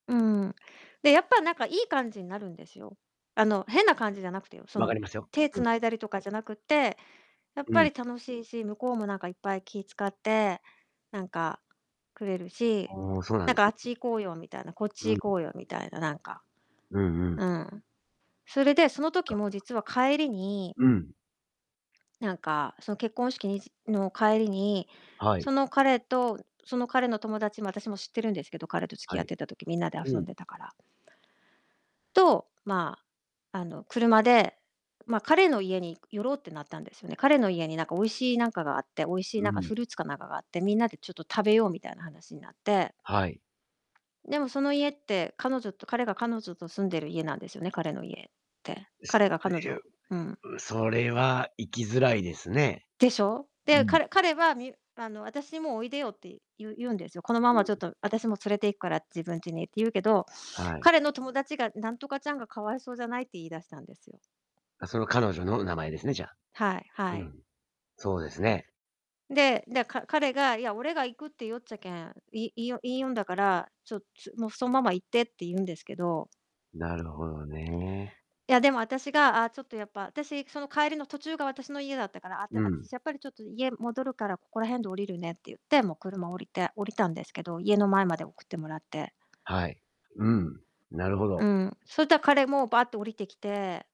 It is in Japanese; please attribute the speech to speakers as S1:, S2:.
S1: うん。で、やっぱなんかいい感じになるんですよ。あの、変な感じじゃなくてよ、そ
S2: 分か
S1: の、
S2: りますよ。
S1: 手
S2: うん。
S1: 繋いだりとかじゃなくて、やっ
S2: う
S1: ぱ
S2: ん。
S1: り楽しいし、向こうもなんかいっぱい気使って、なんか、くれるし、
S2: おお、そうな
S1: な
S2: ん
S1: ん
S2: で
S1: か、
S2: す
S1: 「あっ
S2: ね。
S1: ち行こうよ」みたいな、「こっち
S2: うん。
S1: 行こうよ」みたいな、なんか。
S2: うんうん。
S1: うん、それで、その時
S2: が
S1: も実は帰りに
S2: うん。
S1: なんか、その結婚式にじの帰りに、
S2: は
S1: そ
S2: い。
S1: の彼とその彼の友達も私も知ってるんですけど、彼と付き
S2: は
S1: 合っ
S2: い。
S1: てた時、みんなで
S2: う
S1: 遊
S2: ん。
S1: んでたからと、まあ、あの、車で、ま、彼の家に寄ろうってなったんですよね。彼の家に、なんか美味しいなんかがあって、美味しい
S2: う
S1: なんか
S2: ん。
S1: フルーツかなんかがあって、みんなでちょっと食べようみたいな話になって
S2: はい。
S1: でも、その家って、彼女と彼が彼女と住んでる家なんですよね、彼の家って。
S2: す
S1: 彼が彼
S2: とい
S1: 女を
S2: う
S1: うん。
S2: う、それは行きづらいですね。
S1: でしょ？
S2: う
S1: で、
S2: ん。
S1: 彼彼はみあの、あたしもおいでよって、言う言うんですよ。このま
S2: う
S1: まちょっ
S2: ん。
S1: と、あたしも連れて行くから自分ちに、って言うけど、
S2: はい。
S1: 彼の友達が、「なんとかちゃんが可哀想じゃない？」って言い出したんですよ。
S2: あ、その彼女の名前ですね、じゃあ。
S1: はいは
S2: う
S1: い。
S2: ん。そうですね。
S1: でで、か彼が、「いや、俺が行くって言いよっちゃけん、いいいよ言いよんだから、ちょっつもう、そんまま行って」って言うんですけど
S2: なるほどね。
S1: いや、でも、あたしが、「あ、ちょっとやっぱ」、あたし、その、帰りの、途中が私の家だったから、「あた
S2: う
S1: あたし
S2: ん。
S1: やっぱりちょっと、家戻るから、ここら辺で降りるね」って言って、もう車降りて降りたんですけど、家の前まで送ってもらって。
S2: はい。うん。なるほ
S1: う
S2: ど。
S1: ん、そいたら、彼もバーって降りてきて